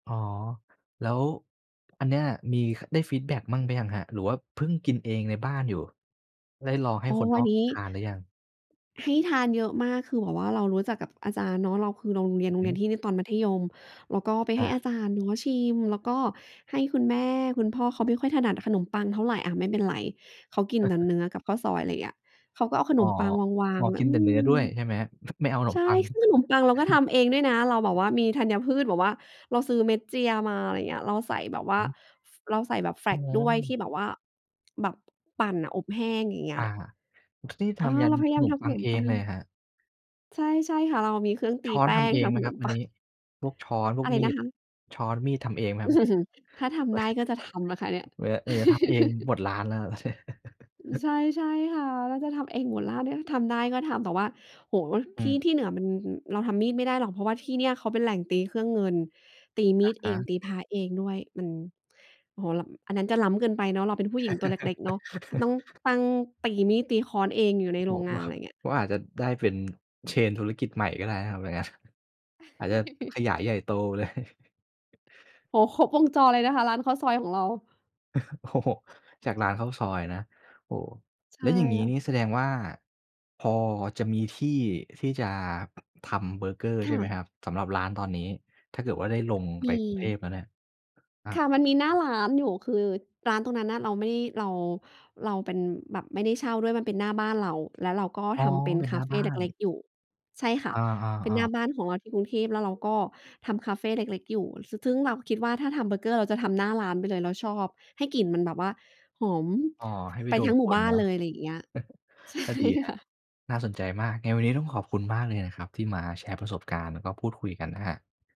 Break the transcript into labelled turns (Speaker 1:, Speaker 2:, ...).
Speaker 1: อ๋อ แล้ว อันเนี้ย มี ค ได้ฟีดแบ็กมั่งหรือยังครับ? หรือว่าเพิ่งกินเองในบ้านอยู่ ได้ลองให้
Speaker 2: อ๋อ
Speaker 1: คนน
Speaker 2: อั
Speaker 1: อ
Speaker 2: น
Speaker 1: ก
Speaker 2: นี้
Speaker 1: ทานหรือยัง?
Speaker 2: ที่ทานเยอะมาก คือแบบว่าเรารู้จักกับอาจารย์เนาะ เราคือ โรงเรี
Speaker 1: อ
Speaker 2: ย
Speaker 1: ื
Speaker 2: น
Speaker 1: อ
Speaker 2: โร
Speaker 1: ฮ
Speaker 2: งเ
Speaker 1: ึ
Speaker 2: รียนที่ในตอนมัธยม แล้วก็ไป
Speaker 1: อ
Speaker 2: ให้อา
Speaker 1: า
Speaker 2: จารย์เนาะ ชิม แล้วก็ให้คุณแม่ คุณพ่อเขาไม่ค่อยถนัดขนมปังเท่าไร อะ ไม่เป็นไร เขากินแต่เนื้อกับข้าวซอย ไรเงี้ย เขาก็เอาข
Speaker 1: อ๋
Speaker 2: น
Speaker 1: อ
Speaker 2: มปังวา
Speaker 1: อ๋
Speaker 2: ง
Speaker 1: อ
Speaker 2: ๆ ไว้
Speaker 1: กิน
Speaker 2: อื
Speaker 1: แต่เนื้อ
Speaker 2: ม
Speaker 1: ด้วย ใช่ไหมครับ? ไม่เอาขน
Speaker 2: ใช
Speaker 1: ม
Speaker 2: ่
Speaker 1: ปัง
Speaker 2: ซึ่งขนมปังเราก็ทำเองด้วยนะ เราแบบว่ามีธัญพืช แบบว่าเราซื้อเม็ดเจียมา อะไรเงี้ย เราใส่แบบว่
Speaker 1: อ
Speaker 2: า
Speaker 1: ือฮึ
Speaker 2: ฟ เราใส่แบบแฟล
Speaker 1: อ๋
Speaker 2: กซ์ด้วยท
Speaker 1: อ
Speaker 2: ี่แบบว่า แบบปั่นน่ะ อบแห้งอย่างเงี้
Speaker 1: อ
Speaker 2: ย
Speaker 1: า นี่ท
Speaker 2: เออ
Speaker 1: ำยั
Speaker 2: เร
Speaker 1: น
Speaker 2: าพย
Speaker 1: ข
Speaker 2: ายา
Speaker 1: น
Speaker 2: มท
Speaker 1: ม
Speaker 2: ำ
Speaker 1: ป
Speaker 2: ข
Speaker 1: ั
Speaker 2: น
Speaker 1: ง
Speaker 2: ม
Speaker 1: เอ
Speaker 2: ปั
Speaker 1: งเ
Speaker 2: ง
Speaker 1: ลยเหรอครับ?
Speaker 2: ใช่ ใช่ค่ะ เรามีเครื่องตี
Speaker 1: ช้อ
Speaker 2: แ
Speaker 1: น
Speaker 2: ป้
Speaker 1: ทำ
Speaker 2: ง
Speaker 1: เอ
Speaker 2: ท
Speaker 1: งไ
Speaker 2: ำ
Speaker 1: ห
Speaker 2: ข
Speaker 1: มค
Speaker 2: น
Speaker 1: รั
Speaker 2: ม
Speaker 1: บ อั
Speaker 2: ปั
Speaker 1: นนี
Speaker 2: ง
Speaker 1: ้? พวกช้อน พ
Speaker 2: อ
Speaker 1: วก
Speaker 2: ะไร
Speaker 1: มี
Speaker 2: นะ
Speaker 1: ด
Speaker 2: คะ?
Speaker 1: ช้อน มีด ทำเองไหมครับ อันนี้?
Speaker 2: ถ้าทำได้ ก็จะทำนะคะเนี่ย
Speaker 1: เหมือ เหมือนจะทำเองหมดร้านแล้ว
Speaker 2: ใช่ ใช่ค่ะ เราจะทำเองหมดแล้วเนี่ย ทำได้ก็ทำ แต่ว่า โอ้โฮ
Speaker 1: อื
Speaker 2: ที่
Speaker 1: ม
Speaker 2: ที่เหนือมัน ฮ เราทำมีดไม่ได้หรอก เพราะว่าที่เนี่ยเขาเป็นแหล่งตีเครื่องเงิน ตีม
Speaker 1: อ
Speaker 2: ี
Speaker 1: ะ
Speaker 2: ด
Speaker 1: ฮ
Speaker 2: เอง
Speaker 1: ะ
Speaker 2: ตีพร้าเองด้วย มัน โอ้โฮ ล้ำ อันนั้นจะล้ำเกินไปเนาะ เราเป็นผู้หญิงตัวเล็ก ๆ เนาะ ต้องตั้ง ตีมีด ตีค้อนเองอยู่ในโร
Speaker 1: บอ
Speaker 2: ง
Speaker 1: ก
Speaker 2: ง
Speaker 1: ว
Speaker 2: า
Speaker 1: ่
Speaker 2: น
Speaker 1: า
Speaker 2: ไรเงี้ย
Speaker 1: ว่าอาจจะได้เป็น เชน ธุรกิจใหม่ก็ได้นะครับอย่างงั้น อาจจะขยายใหญ่โต เลย
Speaker 2: โอ้โฮ ครบวงจอเลยนะคะ ร้านข้าวซอยของเรา
Speaker 1: อือฮึ โอ้โฮ จากร้านข้าวซอยอะนะ โอ้
Speaker 2: ใช
Speaker 1: แล้
Speaker 2: ่
Speaker 1: วอย่างงี้
Speaker 2: ค่
Speaker 1: น
Speaker 2: ะ
Speaker 1: ี่แสดงว่า พอจะมีที่ที่จะทำเบอร์เกอร์
Speaker 2: ค
Speaker 1: ใช่
Speaker 2: ่
Speaker 1: ไหม
Speaker 2: ะ
Speaker 1: ครับ? สำหรับร้านตอนนี้ ถ้าเกิดว่าได้ลง
Speaker 2: ม
Speaker 1: ไป
Speaker 2: ี
Speaker 1: กรุงเทพฯ แล้วเนี่ย อะ
Speaker 2: ค่ะ มันมีหน้าร้านอยู่ คือร้านตรงนั้นน่ะ เราไม่ เรา เราเป็น แบบไม่ได้เช่าด้วย มันเป็นหน้าบ้านเรา แล้วเราก็
Speaker 1: อ๋อ
Speaker 2: ทำเป็น
Speaker 1: เป็น
Speaker 2: ค
Speaker 1: หน
Speaker 2: า
Speaker 1: ้า
Speaker 2: เฟ
Speaker 1: บ้า
Speaker 2: เ
Speaker 1: น
Speaker 2: ล็ก ๆ อยู่ ใช่ค่
Speaker 1: อ
Speaker 2: ะ เป็นห
Speaker 1: า
Speaker 2: น้า
Speaker 1: ๆ ๆ
Speaker 2: บ้านของเราที่กรุงเทพฯ แล้วเราก็ทำคาเฟเล็ก ๆ อยู่ สึ ซึ่งเราคิดว่า ถ้าทำเบอร์เกอร์ เราจะทำหน้าร้านไปเลย เราชอบให้กลิ่นมันแบบว่าหอม
Speaker 1: อ๋อ ให้ไป
Speaker 2: ไป
Speaker 1: ดู
Speaker 2: ทั้งหม
Speaker 1: ค
Speaker 2: ู่
Speaker 1: น
Speaker 2: บ้า
Speaker 1: เน
Speaker 2: น
Speaker 1: า
Speaker 2: เ
Speaker 1: ะ
Speaker 2: ลย ไรเงี้ย ใช่
Speaker 1: ก็ดีคร
Speaker 2: ค
Speaker 1: ับ
Speaker 2: ่ะ
Speaker 1: น่าสนใจมาก ไงวันนี้ ต้องขอบคุณมากเลยนะครับ ที่มาแชร์ประสบการณ์ แล้วก็พูดคุยกันนะครับ